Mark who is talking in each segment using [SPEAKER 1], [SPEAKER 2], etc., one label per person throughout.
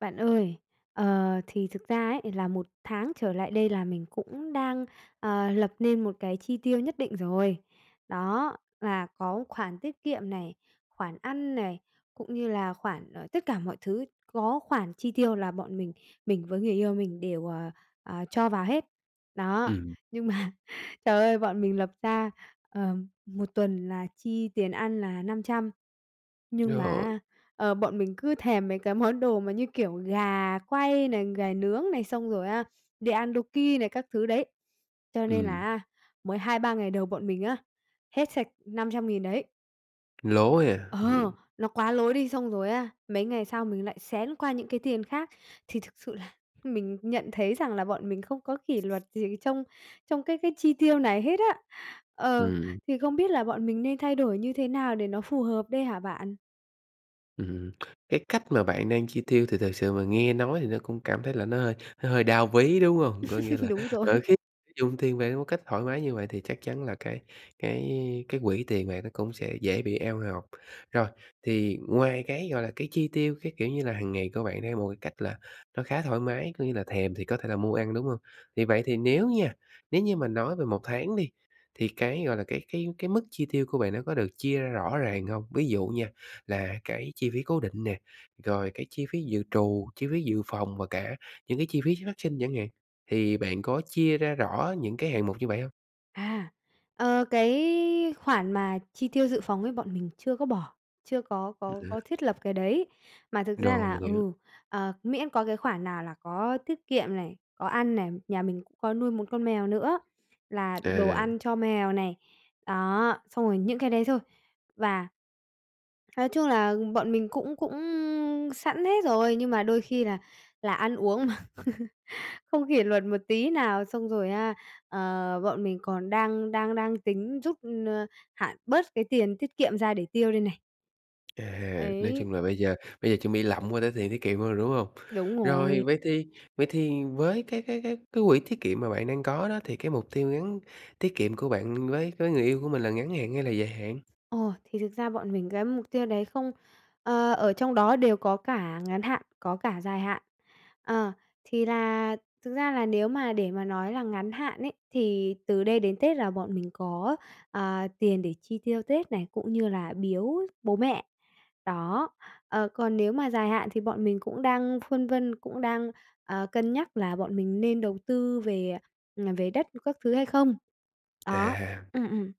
[SPEAKER 1] Bạn ơi, ờ, thì thực ra ấy, là 1 tháng trở lại đây là mình cũng đang, à, lập nên một cái chi tiêu nhất định rồi. Đó, là có khoản tiết kiệm này, khoản ăn này, cũng như là khoản ở tất cả mọi thứ, có khoản chi tiêu là bọn mình, mình với người yêu mình đều, à, à, cho vào hết. Đó,
[SPEAKER 2] Ừm.
[SPEAKER 1] nhưng mà, trời ơi, bọn mình lập ra, ờm, 1 tuần là chi tiền ăn là 500 nhưng mà
[SPEAKER 2] Rồi.
[SPEAKER 1] á, ờ, bọn mình cứ thèm mấy cái món đồ mà như kiểu gà quay này, gà nướng này xong rồi á, đi ăn Dookki này các thứ đấy, cho nên là
[SPEAKER 2] Ừm.
[SPEAKER 1] á mới 2-3 ngày đầu bọn mình á, hết sạch 500.000 đấy.
[SPEAKER 2] Lố ha.
[SPEAKER 1] Ờ,
[SPEAKER 2] Ừm.
[SPEAKER 1] nó quá lố đi, xong rồi á, mấy ngày sau mình lại xén qua những cái tiền khác. Thì thực sự là mình nhận thấy rằng là bọn mình không có kỷ luật gì trong trong cái cái chi tiêu này hết á. Ờ,
[SPEAKER 2] Ừm.
[SPEAKER 1] thì không biết là bọn mình nên thay đổi như thế nào để nó phù hợp đây hả bạn?
[SPEAKER 2] Ừm. Cái cách mà bạn đang chi tiêu thì thật sự mà nghe nói thì nó cũng cảm thấy là nó hơi nó hơi đau ví, đúng không? Có nghĩa là,
[SPEAKER 1] Đúng rồi
[SPEAKER 2] ờ,
[SPEAKER 1] ấy.
[SPEAKER 2] khi dùng tiền bạc một cách thoải mái như vậy thì chắc chắn là cái cái cái quỹ tiền bạc nó cũng sẽ dễ bị eo ngọc. Rồi, thì ngoài cái, gọi là, cái chi tiêu, cái, kiểu như là, hằng ngày của bạn theo một cái cách là nó khá thoải mái, có nghĩa là thèm thì có thể là mua ăn, đúng hông? Thì vậy thì nếu nha, nếu như mà nói về 1 tháng đi, thì cái, gọi là, cái-cái cái mức chi tiêu của bạn nó có được chia ra rõ ràng hông? Ví dụ nha, là cái chi phí cố định nè, rồi cái chi phí dự trù, chi phí dự phòng và cả những cái chi phí phát sinh chẳng hạn, thì bạn có chia ra rõ những cái hạng mục như vậy hông?
[SPEAKER 1] À, ờ, cái khoản mà chi tiêu dự phòng ấy bọn mình chưa có bỏ, chưa có có có
[SPEAKER 2] [unintelligible]
[SPEAKER 1] thiết lập cái đấy. Mà thực ra
[SPEAKER 2] Rồi,
[SPEAKER 1] là
[SPEAKER 2] minh hiểu.
[SPEAKER 1] ừ, ờ, miễn có cái khoản nào là có tiết kiệm này, có ăn này, nhà mình cũng có nuôi một con mèo nữa, là đồ
[SPEAKER 2] À.
[SPEAKER 1] ăn cho mèo này. Đó, xong rồi những cái đấy thôi. Và Nói chung là, bọn mình cũng cũng sẵn hết rồi, nhưng mà đôi khi là là ăn uống mà không kỷ luật một tí nào, xong rồi, a, ờ, bọn mình còn đang đang đang tính rút, ơ, hạn bớt cái tiền tiết kiệm ra để tiêu đây này.
[SPEAKER 2] À, nói
[SPEAKER 1] Ấy.
[SPEAKER 2] chung là bây giờ bây giờ chuẩn bị lậm qua tới tiền tiết kiệm luôn rồi, đúng hông?
[SPEAKER 1] Đúng
[SPEAKER 2] Rồi
[SPEAKER 1] rồi.
[SPEAKER 2] vậy thì vậy thì với cái cái cái cái quỹ tiết kiệm mà bạn đang có đó thì cái mục tiêu ngắn tiết kiệm của bạn với với người yêu của mình là ngắn hạn hay là dài hạn?
[SPEAKER 1] Ồ, thì thực ra bọn mình cái mục tiêu đấy không, ơ, ở trong đó đều có cả ngắn hạn, có cả dài hạn. Ờ, thì là thực ra là nếu mà để mà nói là ngắn hạn ấy, thì từ đây đến Tết là bọn mình có, ờ, tiền để chi tiêu Tết này cũng như là biếu bố mẹ. Đó, ờ, còn nếu mà dài hạn thì bọn mình cũng đang phân vân, cũng đang, ờ, cân nhắc là bọn mình nên đầu tư về, à, về đất các thứ hay không? Đó,
[SPEAKER 2] À.
[SPEAKER 1] ừm, ừm.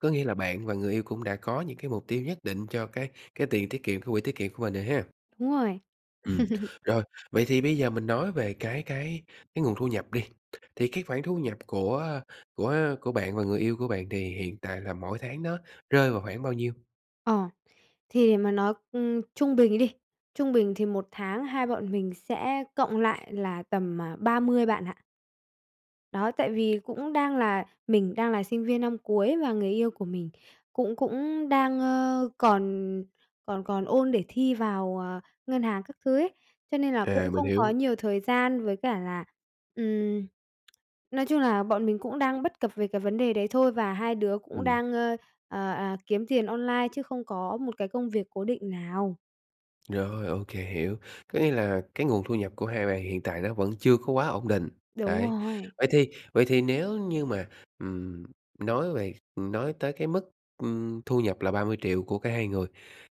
[SPEAKER 2] Có nghĩa là bạn và người yêu cũng đã có những cái mục tiêu nhất định cho cái cái tiền tiết kiệm, cái quỹ tiết kiệm của mình rồi ha?
[SPEAKER 1] Đúng rồi.
[SPEAKER 2] Ừm. Rồi, vậy thì bây giờ mình nói về cái cái cái nguồn thu nhập đi. Thì cái khoản thu nhập của của của bạn và người yêu của bạn thì hiện tại là mỗi tháng nó rơi vào khoảng bao nhiêu?
[SPEAKER 1] Ờ. Thì để mà nói, ừm, trung bình đi, trung bình thì 1 tháng hai bọn mình sẽ cộng lại là tầm, à, 30 bạn ạ. Đó, tại vì cũng đang là mình đang là sinh viên năm cuối và người yêu của mình cũng cũng đang, ơ, còn còn còn ôn để thi vào, ờ, ngân hàng các thứ ấy, cho nên là
[SPEAKER 2] À,
[SPEAKER 1] cũng
[SPEAKER 2] mình
[SPEAKER 1] không có
[SPEAKER 2] hiểu.
[SPEAKER 1] nhiều thời gian, với cả là, ừm, nói chung là bọn mình cũng đang bất cập về cái vấn đề đấy thôi và 2 đứa cũng
[SPEAKER 2] Ừm.
[SPEAKER 1] đang, ơ, ờ, ờ, kiếm tiền online chứ không có một cái công việc cố định nào.
[SPEAKER 2] Rồi, ô kê, hiểu. Có nghĩa là cái nguồn thu nhập của 2 bạn hiện tại nó vẫn chưa có quá ổn định.
[SPEAKER 1] Đúng
[SPEAKER 2] Đấy,
[SPEAKER 1] rồi.
[SPEAKER 2] vậy thì vậy thì nếu như mà, ừm, nói về ừm, nói tới cái mức, ừm, thu nhập là 30 triệu của cả 2 người,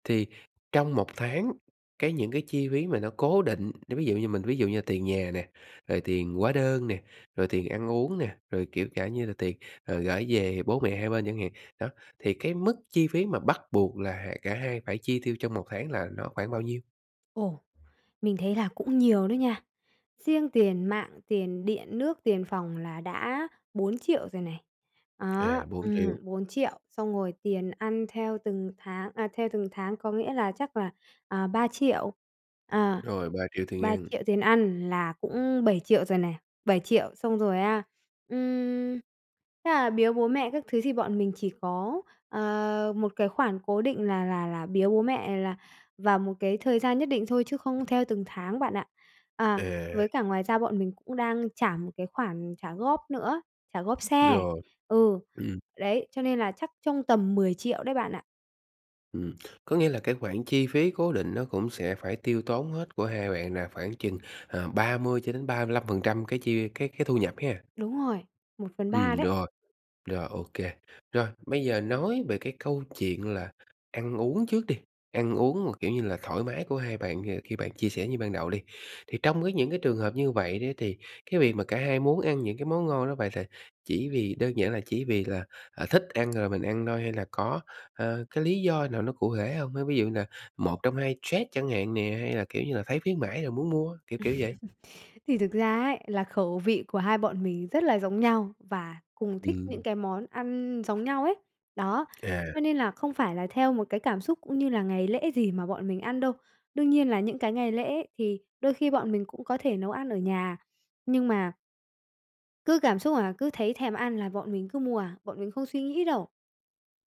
[SPEAKER 2] thì trong 1 tháng cái những cái chi phí mà nó cố định, nói ví dụ như mình ví dụ như tiền nhà nè, rồi tiền hóa đơn nè, rồi tiền ăn uống nè, rồi kiểu cả như là tiền, ờ, gởi về bố mẹ hai bên chẳng hạn. Đó, thì cái mức chi phí mà bắt buộc là, à, cả 2 phải chi tiêu trong 1 tháng là nó khoảng bao nhiêu?
[SPEAKER 1] Ồ, mình thấy là cũng nhiều đó nha. Riêng tiền mạng, tiền điện nước, tiền phòng là đã 4.000.000 rồi này. Đó,
[SPEAKER 2] À, 4.000.000.
[SPEAKER 1] ừm, 4.000.000, xong rồi tiền ăn theo từng tháng, à, theo từng tháng, có nghĩa là, chắc là, à, 3.000.000, à,
[SPEAKER 2] Rồi, 3.000.000 tiền
[SPEAKER 1] ba
[SPEAKER 2] ăn.
[SPEAKER 1] triệu tiền ăn, là cũng 7.000.000 rồi này. 7.000.000, xong rồi, a, ừm, thế là biếu bố mẹ các thứ thì bọn mình chỉ có, ờ, một cái khoản cố định là là là biếu bố mẹ là vào một cái thời gian nhất định thôi, chứ không theo từng tháng bạn ạ. À,
[SPEAKER 2] À.
[SPEAKER 1] với cả ngoài ra bọn mình cũng đang trả một cái khoản trả góp nữa, trả góp xe,
[SPEAKER 2] Rồi,
[SPEAKER 1] ừ,
[SPEAKER 2] ừm.
[SPEAKER 1] đấy, cho nên là chắc trong tầm 10.000.000 đấy bạn ạ.
[SPEAKER 2] Ừm, có nghĩa là cái khoản chi phí cố định nó cũng sẽ phải tiêu tốn hết của 2 bạn là khoảng chừng, ờ, 30-35% cái chi cái cái thu nhập ha?
[SPEAKER 1] Đúng rồi, 1/3
[SPEAKER 2] Ừm,
[SPEAKER 1] đấy.
[SPEAKER 2] rồi, rồi, ô kê. Rồi, bây giờ nói về cái câu chuyện là ăn uống trước đi, ăn uống mà, kiểu như là, thoải mái của 2 bạn kìa. Thì bạn chia sẻ như ban đầu đi, thì trong cái những cái trường hợp như vậy đấy, thì cái việc mà cả hai muốn ăn những cái món ngon đó, vậy th chỉ vì đơn giản là chỉ vì là, à, thích ăn rồi mình ăn thôi, hay là có, a, cái lý do nào nó cụ thể hông á? Ví dụ như là 1 trong 2 stress chẳng hạn nè, hay là, kiểu như là, thấy khuyến mãi rồi muốn mua, kiểu kiểu vậy?
[SPEAKER 1] Thì thực ra ấy, là khẩu vị của hai bọn mình rất là giống nhau, và cùng thích những
[SPEAKER 2] Ừm.
[SPEAKER 1] cái món ăn giống nhau ấy. Đó,
[SPEAKER 2] À.
[SPEAKER 1] cho nên là không phải là theo một cái cảm xúc cũng như là ngày lễ gì mà bọn mình ăn đâu. Đương nhiên là những cái ngày lễ thì đôi khi bọn mình cũng có thể nấu ăn ở nhà, nhưng mà Cứ cảm xúc là cứ thấy thèm ăn là bọn mình cứ mua à, bọn mình không suy nghĩ đâu.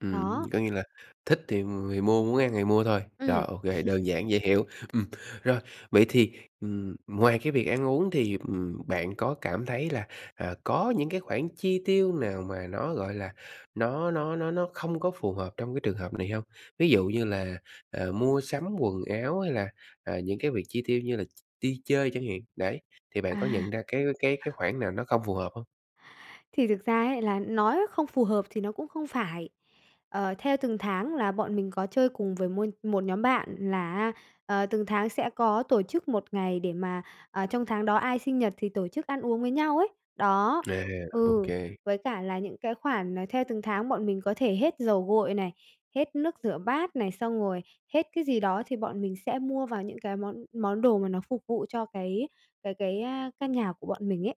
[SPEAKER 2] Ừm,
[SPEAKER 1] Đó.
[SPEAKER 2] có nghĩa là thích thì, ừm, người mua muốn ăn thì mua thôi, rồi,
[SPEAKER 1] Ừm.
[SPEAKER 2] ô kê, đơn giản, dễ hiểu. Ừm, rồi, vậy thì, ừm, ngoài cái việc ăn uống thì, ừm, bạn có cảm thấy là, à, có những cái khoản chi tiêu nào mà nó, gọi là, nó nó nó nó không có phù hợp trong cái trường hợp này hông? Ví dụ như là, ờ, mua sắm quần áo, hay là, à, những cái việc chi tiêu như là ch đi chơi chẳng hạn, đấy, thì bạn có
[SPEAKER 1] À.
[SPEAKER 2] nhận ra cái cái cái khoản nào nó không phù hợp hông?
[SPEAKER 1] Thì thực ra ấy, là nói không phù hợp thì nó cũng không phải, ờ, theo từng tháng là bọn mình có chơi cùng với môi một nhóm bạn là á, ờ, từng tháng sẽ có tổ chức 1 ngày để mà, à, trong tháng đó ai sinh nhật thì tổ chức ăn uống với nhau ấy. Đó,
[SPEAKER 2] À, ô
[SPEAKER 1] ừ,
[SPEAKER 2] kê.
[SPEAKER 1] với cả là những cái khoản, ờ, theo từng tháng bọn mình có thể hết dầu gội này, hết nước rửa bát này, xong rồi hết cái gì đó, thì bọn mình sẽ mua vào những cái món món đồ mà nó phục vụ cho cái cái cái, a, căn nhà của bọn mình ấy.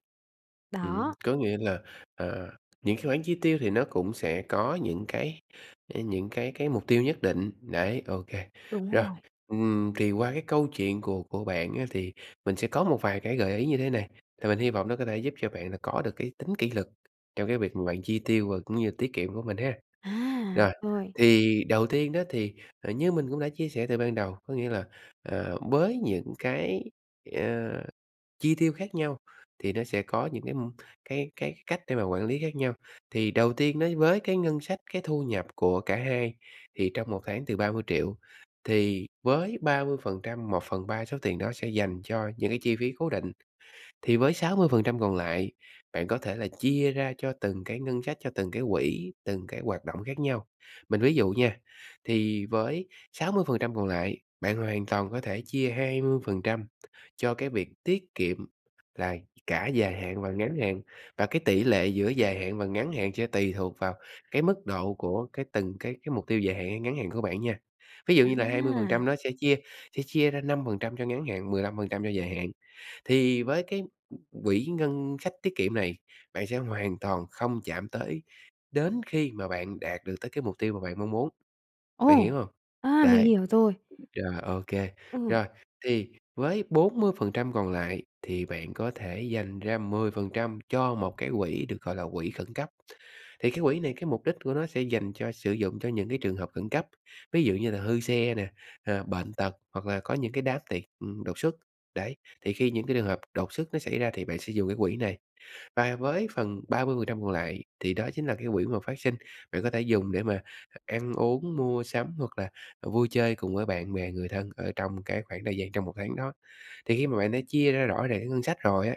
[SPEAKER 2] Ừm.
[SPEAKER 1] Đó.
[SPEAKER 2] Có nghĩa là, à, những cái khoản chi tiêu thì nó cũng sẽ có những cái, à, những cái cái mục tiêu nhất định, đấy, ô kê.
[SPEAKER 1] Đúng
[SPEAKER 2] Rồi,
[SPEAKER 1] rồi.
[SPEAKER 2] ừm, thì qua cái câu chuyện của của bạn á thì mình sẽ có một vài cái gợi ý như thế này, thì mình hi vọng nó có thể giúp cho bạn là có được cái tính kỷ luật trong cái việc mà bạn chi tiêu và cũng như tiết kiệm của mình ha.
[SPEAKER 1] À,
[SPEAKER 2] Rồi,
[SPEAKER 1] rồi.
[SPEAKER 2] thì đầu tiên á, thì, à, như mình cũng đã chia sẻ từ ban đầu, có nghĩa là, ờ, với những cái, ờ, chi tiêu khác nhau, thì nó sẽ có những cái, ừm, cái cái cách để mà quản lý khác nhau. Thì đầu tiên đấy, với cái ngân sách, cái thu nhập của cả 2 thì trong 1 tháng từ 30.000.000, thì với 30%, 1/3 số tiền đó sẽ dành cho những cái chi phí cố định. Thì với 60% còn lại, bạn có thể là chia ra cho từng cái ngân sách, cho từng cái quỹ, từng cái hoạt động khác nhau. Mình ví dụ nha, thì với 60% còn lại, bạn hoàn toàn có thể chia 20% cho cái việc tiết kiệm, là cả dài hạn và ngắn hạn, và cái tỷ lệ giữa dài hạn và ngắn hạn sẽ tùy thuộc vào cái mức độ của cái từng cái cái mục tiêu dài hạn hay ngắn hạn của bạn nha. Ví dụ như là hai mươi phần
[SPEAKER 1] À!
[SPEAKER 2] trăm nó sẽ chia sẽ chia ra 5% cho ngắn hạn, 15% cho dài hạn. Thì với cái quỹ ngân sách tiết kiệm này, bạn sẽ hoàn toàn không chạm tới đến khi mà bạn đạt được tới cái mục tiêu mà bạn mong muốn, bạn
[SPEAKER 1] Ồ!
[SPEAKER 2] hiểu hông?
[SPEAKER 1] À, mình
[SPEAKER 2] Đấy,
[SPEAKER 1] hiểu rồi!
[SPEAKER 2] rồi, ô kê.
[SPEAKER 1] Ừm.
[SPEAKER 2] Rồi, thì với 40% còn lại thì bạn có thể dành ra 10% cho một cái quỹ được gọi là quỹ khẩn cấp. Thì cái quỹ này, cái mục đích của nó sẽ dành cho sử dụng cho những cái trường hợp khẩn cấp, ví dụ như là hư xe nè, à, bệnh tật, hoặc là có những cái đám tiệc, ừm, đột xuất. Đấy, thì khi những cái trường hợp đột xuất nó xảy ra thì bạn sẽ dùng cái quỹ này. Và với phần 30% còn lại, thì đó chính là cái quỹ mà phát sinh, bạn có thể dùng để mà, ờ, ăn uống, mua sắm hoặc là, ờ, vui chơi cùng với bạn bè, người thân ở trong cái khoảng thời gian trong 1 tháng đó. Thì khi mà bạn đã chia ra rõ ràng cái ngân sách rồi á,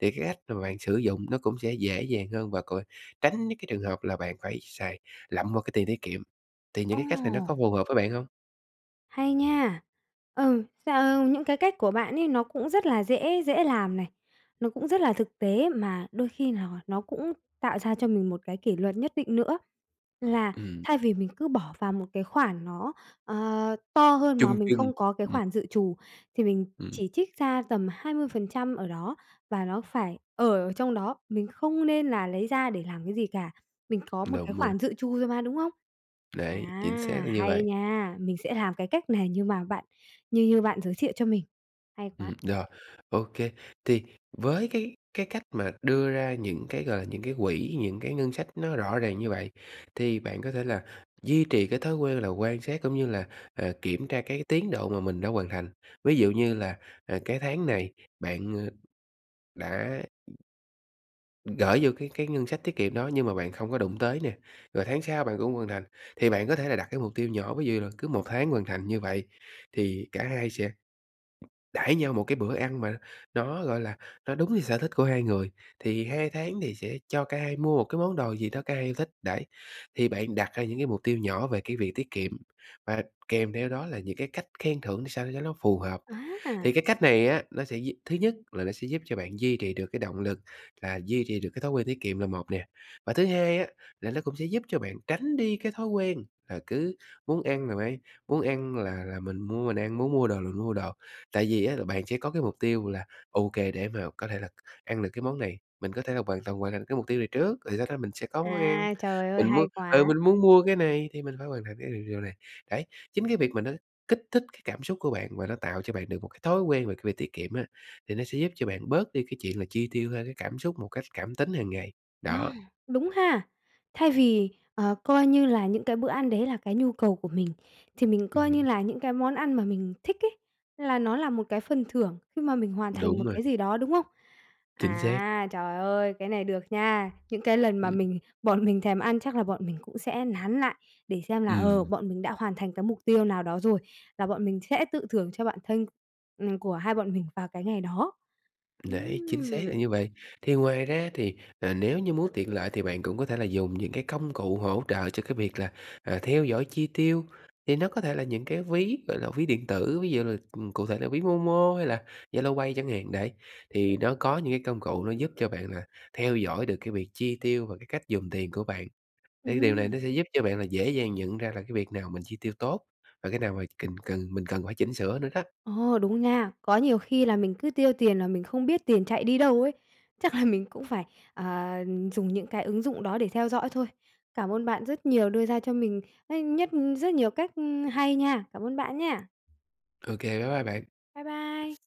[SPEAKER 2] thì cái cách mà bạn sử dụng nó cũng sẽ dễ dàng hơn và còn tránh những cái trường hợp là bạn phải xài lậm vào cái tiền tiết kiệm. Thì những cái cách này nó có
[SPEAKER 1] Ơ!
[SPEAKER 2] phù hợp với bạn hông?
[SPEAKER 1] Hay nha. Ừ, cà ờ, những cái cách của bạn ấy nó cũng rất là dễ dễ làm này. Nó cũng rất là thực tế mà đôi khi nò nó cũng tạo ra cho mình một cái kỷ luật nhất định nữa, là
[SPEAKER 2] Ừm.
[SPEAKER 1] thay vì mình cứ bỏ vào một cái khoản nó, ờ, to hơn mà
[SPEAKER 2] Chung
[SPEAKER 1] mình
[SPEAKER 2] chung,
[SPEAKER 1] không có cái
[SPEAKER 2] ừm.
[SPEAKER 1] khoản dự trù, thì mình
[SPEAKER 2] Ừm.
[SPEAKER 1] chỉ trích ra tầm 20% ở đó và nó phải ở ở trong đó, mình không nên là lấy ra để làm cái gì cả. Mình có một cái
[SPEAKER 2] [unintelligible]
[SPEAKER 1] khoản dự trù rồi mà, đúng không?
[SPEAKER 2] Đấy, chính xác
[SPEAKER 1] À,
[SPEAKER 2] là như
[SPEAKER 1] hay
[SPEAKER 2] vậy.
[SPEAKER 1] nha! Mình sẽ làm cái cách này như mà bạn như như bạn giới thiệu cho mình, hay quá.
[SPEAKER 2] Ừm, rồi. Ô kê, thì với cái cái cách mà đưa ra những cái, gọi là, những cái quỹ, những cái ngân sách nó rõ ràng như vậy, thì bạn có thể là duy trì cái thói quê là quan sát cũng như là, à, kiểm tra cái tiến độ mà mình đã hoàn thành. Ví dụ như là, à, cái tháng này bạn, ơ, đã gởi vô cái cái ngân sách tiết kiệm đó nhưng mà bạn không có đụng tới nè, rồi tháng sau bạn cũng hoàn thành. Thì bạn có thể là đặt cái mục tiêu nhỏ, ví dụ như là cứ 1 tháng hoàn thành như vậy thì cả hai sẽ đãi nhau một cái bữa ăn mà nó, gọi là, nó đúng như sở thích của hai người. Thì 2 tháng thì sẽ cho cả hai mua một cái món đồ gì đó cả hai yêu thích, đấy. Thì bạn đặt ra những cái mục tiêu nhỏ về cái việc tiết kiệm, và kèm theo đó là những cái cách khen thưởng sao cho nó phù hợp,
[SPEAKER 1] Á,
[SPEAKER 2] thì
[SPEAKER 1] à!
[SPEAKER 2] cái cách này á, nó sẽ duy thứ nhất là nó sẽ giúp cho bạn duy trì được cái động lực, là duy trì được cái thói quen tiết kiệm là một nè. Và thứ hai á, là nó cũng sẽ giúp cho bạn tránh đi cái thói quen là cứ muốn ăn là phải muốn ăn là là mình mua mình ăn, muốn mua đồ là mua đồ. Tại vì á là bạn sẽ có cái mục tiêu là "Ô kê, để mà có thể là ăn được cái món này, mình có thể là hoàn toàn hoàn thành được cái mục tiêu này trước, rồi sau đó mình sẽ có món ăn.
[SPEAKER 1] À, trời ơi,
[SPEAKER 2] Mình muốn
[SPEAKER 1] hay
[SPEAKER 2] ừ,
[SPEAKER 1] quá!
[SPEAKER 2] mình muốn mua cái này thì mình phải hoàn thành cái điều điều này." Đấy, chính cái việc mà nó kích thích cái cảm xúc của bạn và nó tạo cho bạn được một cái thói quen về cái việc tiết kiệm á, thì nó sẽ giúp cho bạn bớt đi cái chuyện là chi tiêu theo cái cảm xúc một cách cảm tính hàng ngày, đó.
[SPEAKER 1] [unintelligible] Đúng ha. Thay vì, ờ, coi như là những cái bữa ăn đấy là cái nhu cầu của mình, thì mình coi như
[SPEAKER 2] Ừm.
[SPEAKER 1] là những cái món ăn mà mình thích ấy là nó là một cái phần thưởng khi mà mình hoàn thành
[SPEAKER 2] Đúng
[SPEAKER 1] một
[SPEAKER 2] rồi.
[SPEAKER 1] cái gì đó, đúng không?
[SPEAKER 2] Chính xác.
[SPEAKER 1] À, trời ơi, cái này được nha! Những cái lần mà
[SPEAKER 2] Ừm.
[SPEAKER 1] mình bọn mình thèm ăn chắc là bọn mình cũng sẽ nán lại để xem là, ờ,
[SPEAKER 2] Ừm.
[SPEAKER 1] bọn mình đã hoàn thành cái mục tiêu nào đó rồi, và bọn mình sẽ tự thưởng cho bản thưng, ừm, của hai bọn mình vào cái ngày đó.
[SPEAKER 2] Đấy, chính xác là
[SPEAKER 1] Ừm!
[SPEAKER 2] như vậy. Thì ngoài ra thì, ờ, nếu như muốn tiện lợi thì bạn cũng có thể là dùng những cái công cụ hỗ trợ cho cái việc là, à, theo dõi chi tiêu. Thì nó có thể là những cái ví, gọi là, ví điện tử, ví dụ là, ừm, cụ thể là ví Momo hay là Zalo Pay chẳng hạn, đấy. Thì nó có những cái công cụ nó giúp cho bạn là theo dõi được cái việc chi tiêu và cái cách dùng tiền của bạn.
[SPEAKER 1] Ừm
[SPEAKER 2] Thì điều này
[SPEAKER 1] hưm.
[SPEAKER 2] nó sẽ giúp cho bạn là dễ dàng nhận ra là cái việc nào mình chi tiêu tốt và cái nào mà kình cần mình cần phải chỉnh sửa nữa đó.
[SPEAKER 1] Ồ, đúng nha. Có nhiều khi là mình cứ tiêu tiền là mình không biết tiền chạy đi đâu ấy. Chắc là mình cũng phải, à, dùng những cái ứng dụng đó để theo dõi thôi. Cảm ơn bạn rất nhiều đưa ra cho mình á nhất rất nhiều cách, ưm, hay nha! Cảm ơn bạn nhá.
[SPEAKER 2] Ô kê, bye bye bạn.
[SPEAKER 1] Bye bye.